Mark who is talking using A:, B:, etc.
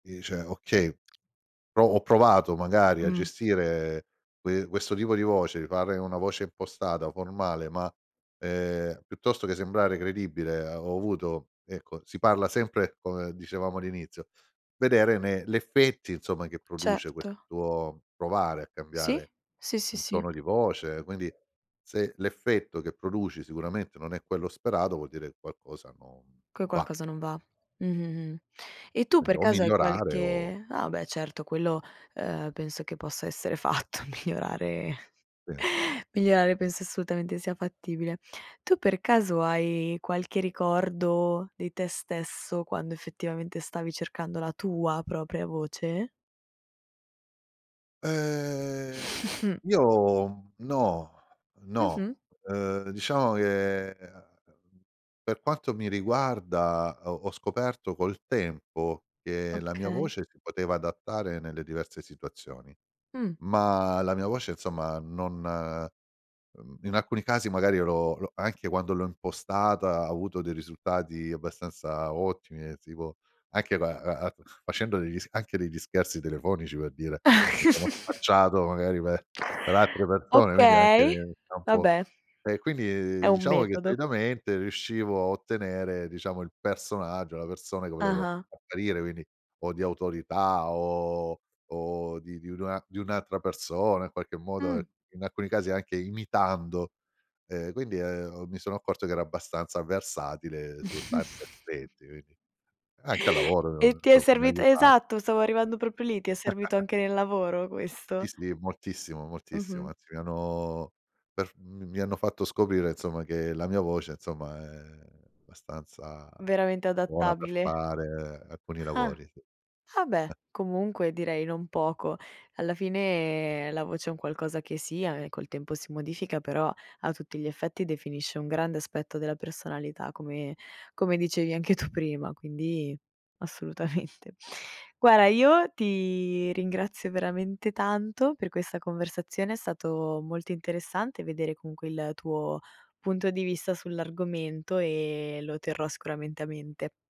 A: Dice: "Okay, pro ho provato magari a
B: Mh.
A: gestire que questo tipo di voce, fare una voce impostata formale, ma, ehm, piuttosto che sembrare credibile, ehm, ho avuto" ecco si parla sempre, come dicevamo all'inizio vedere ne l'effetti, insomma, che produce
B: Certo.
A: questo provare a
B: Sì,
A: cambiare
B: sì, sì,
A: un
B: sì.
A: tono di voce. Quindi, se l'effetto che produci sicuramente non è quello sperato, vuol dire che qualcosa non
B: Che
A: non va.
B: qualcosa non va. Mh, mh, mh. E tu
A: Quindi
B: per
A: o
B: caso hai
A: migliorare, o
B: qualche ah beh certo, quello, ehm, penso che possa essere fatto migliorare
A: Sì.
B: migliorare penso assolutamente sia fattibile. Tu per caso hai qualche ricordo di te stesso quando, effettivamente, stavi cercando la tua propria voce?
A: Ehm, io, mhmm, no.
B: Mh-mh.
A: No. Uhm, diciamo che, uhm, per quanto mi riguarda ho ho scoperto col tempo che la mia
B: Okay.
A: voce si poteva adattare nelle diverse situazioni,
B: Mh.
A: ma la mia voce, insomma, non mhmm, in alcuni casi magari io l'ho l'ho anche quando l'ho impostata ho avuto dei risultati abbastanza ottimi del tipo anche la la a facendo degli s anche degli scherzi telefonici per dire, mi sono spacciato, magari, per per altre persone, quindi anche
B: Okay,
A: nel campo
B: vabbè,
A: E, quindi
B: è
A: di
B: un
A: diciamo che,
B: metodo.
A: solitamente, riuscivo a ottenere diciamo il personaggio, la persone che volevo
B: Ah-ah.
A: apparire, quindi o di autorità o o di di nua di un'altra persona in qualche modo,
B: Mh.
A: in alcuni casi anche imitando, uhm, quindi, uhm, mi sono accorto che ero abbastanza versatile su
B: Mh.
A: tanti aspetti, quindi Anche al lavoro
B: E
A: [unintelligible]
B: ti è
A: insomma mi ha
B: servit
A: aiutat
B: Esatto, stavo arrivando proprio lì, ti è servito anche nel lavoro
A: Sì,
B: questo?
A: sì moltissimo, moltissimo,
B: Mh-mh.
A: anzi mi hanno per f m m mi hanno fatto scoprire, insomma, che la mia voce, insomma, è abbastanza
B: Veramente
A: buona per
B: adattabile.
A: fare alcuni
B: Ah.
A: lavori. Sì.
B: Ah, beh, comunque direi non poco. Alla fine la voce è un qualcosa che sia e col tempo si modifica, però, a tutti gli effetti definisce un grande aspetto della personalità, come come dicevi anche tu prima, quindi assolutamente. Guarda, io ti ringrazio veramente tanto per questa conversazione, è stato molto interessante vedere comunque il tuo punto di vista sull'argomento, e lo terrò sicuramente a mente.